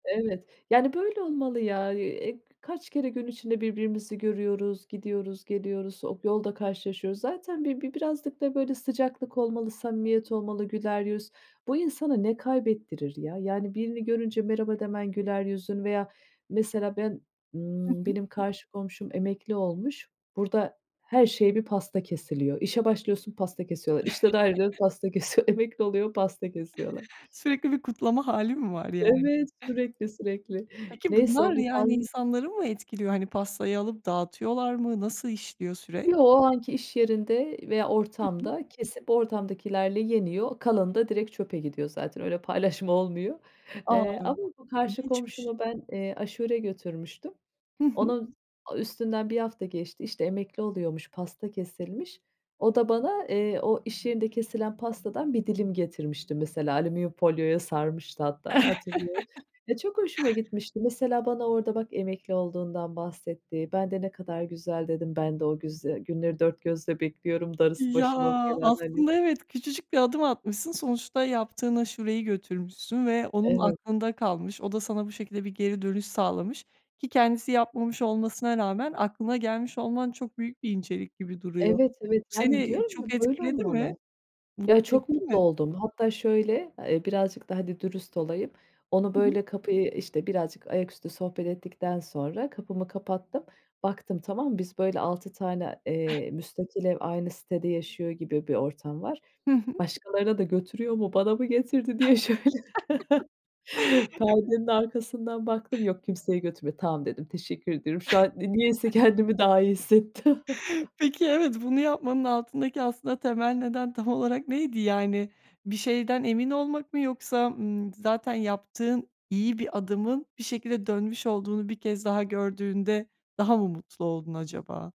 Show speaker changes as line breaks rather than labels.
Evet, yani, böyle olmalı ya, eee, kaç kere gün içinde birbirimizi görüyoruz, gidiyoruz geliyoruz, op yolda karşılaşıyoruz zaten. Bi bi birazcık da böyle sıcaklık olmalı, samimiyet olmalı, güler yüz... Bu insana ne kaybettirir ya? Yani, birini görünce merhaba demen güler yüzün veya mesela ben,
Hı
ımm,
hı.
benim karşı komşum emekli olmuş. Burada her şeye bir pasta kesiliyor. İşe başlıyorsun, pasta kesiyorlar. İşten ayrılıyor pasta kesiyorlar. Emekli oluyor, pasta kesiyorlar.
Sürekli bir kutlama hâli mi var yani?
Evet, sürekli sürekli
Peki
neyse
bunlar
o bir
yani
pan
insanları mı etkiliyor? Hani, pastayı alıp dağıtıyorlar mı? Nasıl işliyor süreç.
Yo o anki iş yerinde veya
Hı hı.
ortamda kesip ortamdakilerle yeniyor. Kalanı da direkt çöpe gidiyor zaten öyle paylaşma olmuyor,
A,
eee, ama bu karşı
ilginçmiş!
komşuma ben, eee, aşure götürmüştüm.
Hı hı.
Onun a üstünden 1 hafta geçti işte emekli oluyormuş, pasta kesilmiş. O da bana, eee, o iş yerinde kesilen pastadan 1 dilim getirmişti mesela alüminyum folyoya sarmıştı hatta hatırlıyorum. Ya çok hoşuma gitmişti. Mesela bana orada bak emekli olduğundan bahsetti. Ben de ne kadar güzel dedim ben de o güz günleri dört gözle bekliyorum, darısı
Ya
başıma felan hani.
aslında evet, küçücük bir adım atmışsın. Sonuçta yaptığın aşureyi götürmüşsün ve onun
Evet.
aklında kalmış. O da sana bu şekilde bir geri dönüş sağlamış ki kendisi yapmamış olmasına rağmen aklına gelmiş olman çok büyük bir incelik gibi duruyor.
Evet evet yani
Seni
diyorum ya
çok
böyle
etkiledi mi?
olmalı. Ya
Mutlu
çok
etti
mutlu
mi?
oldum. Hatta şöyle, eee, birazcık da hadi dürüst olayım. Onu
Hı hı.
böyle kapıyı işte birazcık ayaküstü sohbet ettikten sonra kapımı kapattım. Baktım tamam mı? Biz böyle 6 tane, eee, müstakil ev aynı sitede yaşıyor gibi bir ortam var.
Hı hı.
Başkalarına da götürüyor mu, bana mı getirdi diye şöyle. Perdenin arkasından baktım, yok kimseye götürmüyor. Tamam dedim, teşekkür ediyorum. Şu an ni niyeyse kendimi daha iyi hissettim.
Peki, evet, bunu yapmanın altındaki aslında temel neden tam olarak neydi? Yani, bir şeyden emin olmak mı yoksa, ımm, zaten yaptığın iyi bir adımın bir şekilde dönmüş olduğunu 1 kez daha gördüğünde daha mı mutlu oldun acaba?